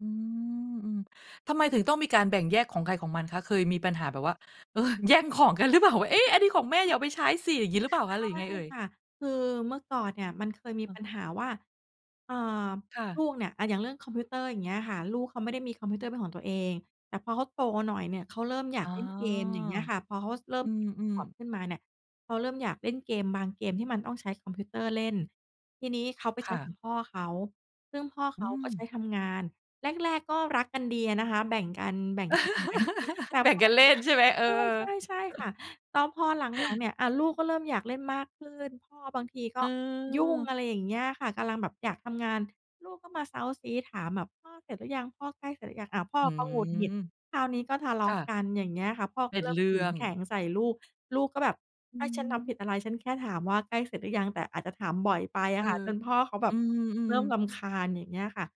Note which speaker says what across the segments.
Speaker 1: อืม อือ ทำไมถึงต้องมีการแบ่งแยกของใครของมันคะ? เคยมีปัญหาแบบว่า เออ แย่งของกันรึเปล่า? ว่า "เอ๊ะ อันนี้ของแม่ อย่าเอาไปใช้สิ" อย่างงี้หรือ
Speaker 2: ใ
Speaker 1: เป
Speaker 2: ช
Speaker 1: ล่าคะ? หรือยั
Speaker 2: ่
Speaker 1: งไงเอ่ย?
Speaker 2: ค่ะ คือเมื่อก่อนเนี่ย มันเคยมี
Speaker 1: อ้อ
Speaker 2: ปัญหาว่า เอ่อ
Speaker 1: ค่ะ
Speaker 2: ลูกเนี่ย อะ อย่างเรื่องคอมพิวเตอร์ อย่างเงี้ยค่ะ ลูกเขาไม่ได้มีคอมพิวเตอร์เป็นของตัวเอง แต่พอเขาโตหน่อยเนี่ย เขาเริ่มอยา
Speaker 1: อ๋
Speaker 2: ก
Speaker 1: อ
Speaker 2: เล่นเกม อย่างเงี้ยค่ะ พอเขา ส เริ่
Speaker 1: อ
Speaker 2: ม
Speaker 1: ื
Speaker 2: 10 ข
Speaker 1: ม
Speaker 2: วบ
Speaker 1: ๆ
Speaker 2: ขึ้นมาเนี่ย เขาเริ่มอยากเล่นเกมบางเกมที่มันต้องใช้คอมพิวเตอร์เล่น ทีนี้เขาไป
Speaker 1: ค
Speaker 2: ใช
Speaker 1: ่
Speaker 2: ้ข
Speaker 1: ะ
Speaker 2: องพ่อเขา ซึ่งพ่อเ
Speaker 1: อ
Speaker 2: ข
Speaker 1: ื
Speaker 2: าก็
Speaker 1: ม
Speaker 2: ใช้ทำงาน แรก ๆ ก็รักกันดีอะนะคะ แบ่งกัน แบ่งกันใช้ แต่
Speaker 1: แบ่
Speaker 2: พ
Speaker 1: ง
Speaker 2: อ
Speaker 1: กันเล่น ใช่ไหม? เออ
Speaker 2: ใช่ ๆ ใช่ค่ะ แล้วพอหลัง ๆ เนี่ย อ่า ลูกก็เริ่มอยากเล่นมากขึ้น พ่อบางทีก
Speaker 1: เ
Speaker 2: ็ยุ่ง
Speaker 1: ออ
Speaker 2: อะไรอย่างเงี้ยค่ะ กำลังแบบอยากทำงาน ลูกก็มาเซ้าซี้ถามแบบ "พ่อเสร็จหรือยัง? พ่อใกล้เสร็จหรือยัง?" อ้าว พ่อ
Speaker 1: อื
Speaker 2: ก็หงุดหงิด
Speaker 1: ม
Speaker 2: คราวนี้ก็ทะเล
Speaker 1: ค
Speaker 2: า
Speaker 1: ่
Speaker 2: ะ
Speaker 1: ะ
Speaker 2: กัน อย่างเงี้ยค่ะ พ่อ
Speaker 1: เป
Speaker 2: ก็
Speaker 1: ็น
Speaker 2: เริ่
Speaker 1: เ
Speaker 2: ม
Speaker 1: รื
Speaker 2: ขึ
Speaker 1: ่อ
Speaker 2: ง
Speaker 1: ง
Speaker 2: แข็งใส่ลูก ลูกก็แบบ
Speaker 1: อื
Speaker 2: "อา ฉันท
Speaker 1: ม
Speaker 2: ำผิดอะไร? ฉันแค่ถามว่าใกล้เสร็จหรือยัง?" แต่อาจจะถามบ่อยไป
Speaker 1: เ
Speaker 2: อ
Speaker 1: อ
Speaker 2: ะ
Speaker 1: อ
Speaker 2: ค่ะ จนพ่อเขาแบ
Speaker 1: อื
Speaker 2: บเร
Speaker 1: อ
Speaker 2: ิ่ม
Speaker 1: ๆ ๆ
Speaker 2: รำคาญ อย่างเงี้ยค่ะ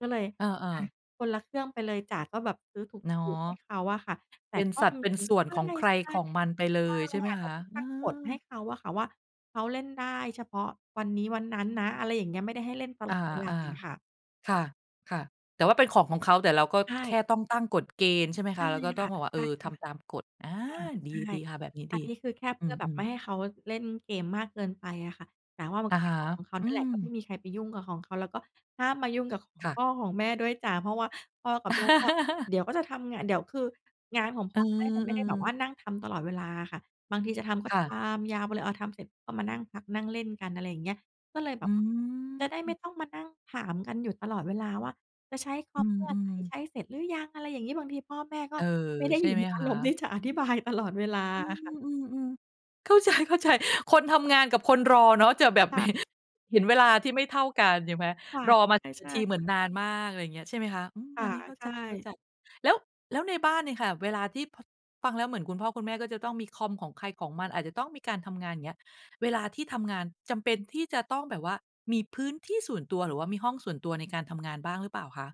Speaker 2: ก็เลย
Speaker 1: เอ
Speaker 2: อ
Speaker 1: อ
Speaker 2: ะ
Speaker 1: ๆ
Speaker 2: คนละเครื่องไปเลยจ้ะ ก็แบบซื้อถ
Speaker 1: เนาะ
Speaker 2: ูก ๆ ให้เขาอะค่ะ แต
Speaker 1: เ
Speaker 2: ่
Speaker 1: ป็น
Speaker 2: ก็
Speaker 1: สัด
Speaker 2: ม
Speaker 1: เป็น
Speaker 2: ี
Speaker 1: ส่ว
Speaker 2: ใ
Speaker 1: น
Speaker 2: ช่
Speaker 1: ของใครของมันไปเล
Speaker 2: ๆ ใช่
Speaker 1: ย ใช่ไหม
Speaker 2: ค่ะ
Speaker 1: ค
Speaker 2: แบบ
Speaker 1: ะ? เอ
Speaker 2: ต
Speaker 1: อ
Speaker 2: ั้งกฏให้เขาอะค่ะว่า เขาเล่นได้เฉพาะวันนี้วันนั้นนะ อะไรอย่างเงี้ย ไม่ได้ให้เล่นต
Speaker 1: อ
Speaker 2: ล
Speaker 1: า
Speaker 2: อดเวลาอะค่ะ
Speaker 1: ๆ ค่ะ ค่ะ แต่ว่าเป็นของของเขา แต่เราก็
Speaker 2: ใช
Speaker 1: แค
Speaker 2: ่
Speaker 1: ่ต้องตั้งกฎเกณฑ์ ใช่ไหมค
Speaker 2: ใช
Speaker 1: ะ?
Speaker 2: ่
Speaker 1: แล้วก็ต
Speaker 2: ค
Speaker 1: ้อ
Speaker 2: ่
Speaker 1: ง
Speaker 2: ะ
Speaker 1: บอกว่า "เ
Speaker 2: ใ
Speaker 1: อ
Speaker 2: ช
Speaker 1: อ
Speaker 2: ่ค
Speaker 1: ท
Speaker 2: ่ะ
Speaker 1: ำตามกฎ" อา
Speaker 2: ค่ะ
Speaker 1: ด
Speaker 2: ใ
Speaker 1: ี
Speaker 2: ช่
Speaker 1: ดีค่ะ แบบนี้
Speaker 2: อั
Speaker 1: ดี
Speaker 2: นนี้ คือแค่เ
Speaker 1: อ
Speaker 2: พ
Speaker 1: ื
Speaker 2: ื่อแบบไ
Speaker 1: ม
Speaker 2: ม่
Speaker 1: ๆ
Speaker 2: ให้เขาเล่นเกมมากเกินไปอะค่ะ แต่ว่ามั
Speaker 1: อ
Speaker 2: น
Speaker 1: ะ
Speaker 2: เป็
Speaker 1: ฮ
Speaker 2: น
Speaker 1: ะ
Speaker 2: ของของเขา
Speaker 1: อื
Speaker 2: นั่นแหละ ก็ไม
Speaker 1: ม
Speaker 2: ่มีใครไปยุ่งกับของเขา แล้วก็ห้ามมายุ่งกับของ
Speaker 1: ค่
Speaker 2: พ
Speaker 1: ะ
Speaker 2: ่อของแม่ด้วยจ้ะ เพราะว่าพ่อกับแม่ก็ เดี๋ยวก็จะทำงาน เดี๋ยว คืองานของ
Speaker 1: เ
Speaker 2: พ
Speaker 1: อ
Speaker 2: ่อกับแม่จะไม่ได้แบบว่
Speaker 1: อ ๆ
Speaker 2: านั่งทำตลอดเวลาอะค่ะ บางทีจะทำก็
Speaker 1: ค่
Speaker 2: ท
Speaker 1: ะ
Speaker 2: ำยาวไปเลย อะ ทำเสร็จก็มานั่งพัก นั่งเล่นกัน อะไรอย่างเงี้ย ก็เลยแบ
Speaker 1: อื
Speaker 2: บว่าจะได้
Speaker 1: ม
Speaker 2: ไม่ต้องมานั่งถามกันอยู่ตลอดเวลาว่า "จะใช้ค
Speaker 1: อ
Speaker 2: อ
Speaker 1: ื
Speaker 2: มเมื่อไร?
Speaker 1: ม ๆ
Speaker 2: ใช้เสร็จหรือยัง?" อะไรอย่างงี้ บางทีพ่อแม่ก็
Speaker 1: เออ
Speaker 2: ไม่ได้
Speaker 1: ใช
Speaker 2: อ
Speaker 1: ่
Speaker 2: ยู่
Speaker 1: ไห
Speaker 2: ใ
Speaker 1: ม
Speaker 2: น อา
Speaker 1: ค
Speaker 2: ร
Speaker 1: ะ?
Speaker 2: มณ์ที่จะอธิบาย ตลอดเวลา
Speaker 1: อื
Speaker 2: อ
Speaker 1: ม
Speaker 2: ะค่ะ
Speaker 1: อืม ๆ เข้าใจ ๆ คนทำงานกับคนรอเนาะ จะแบ
Speaker 2: ค
Speaker 1: บเห
Speaker 2: ่ะ
Speaker 1: ะ เห็นเวลาที่ไม่เท่ากัน ใช่ไหม?
Speaker 2: ค่ะ
Speaker 1: รอมา
Speaker 2: ใช่
Speaker 1: [unintelligible] น
Speaker 2: ใช
Speaker 1: า
Speaker 2: ่
Speaker 1: ทีเหมื
Speaker 2: ค
Speaker 1: อน
Speaker 2: ่ะ
Speaker 1: นานมาก ไรเงี้ย ใช่ไหมคะ? อืม
Speaker 2: ค
Speaker 1: อ
Speaker 2: ่
Speaker 1: ั
Speaker 2: ะ
Speaker 1: นนี้เข้า
Speaker 2: ใช
Speaker 1: ใจ
Speaker 2: ่
Speaker 1: ๆ แล้ว แล้วในบ้านเนี่ยค่ะเวลาที่ พ ฟังแล้วเหมือนคุณพ่อคุณแม่ก็จะต้องมีคอมของใครของมัน อาจจะต้องมีการทำงาน อย่างเงี้ย เวลาที่ทำงาน จำเป็นที่จะต้องแบบว่ามีพื้นที่ส่วนตัว หรือว่ามีห้องส่วนตัวในการทำงานบ้างหรือเปล่าคะ?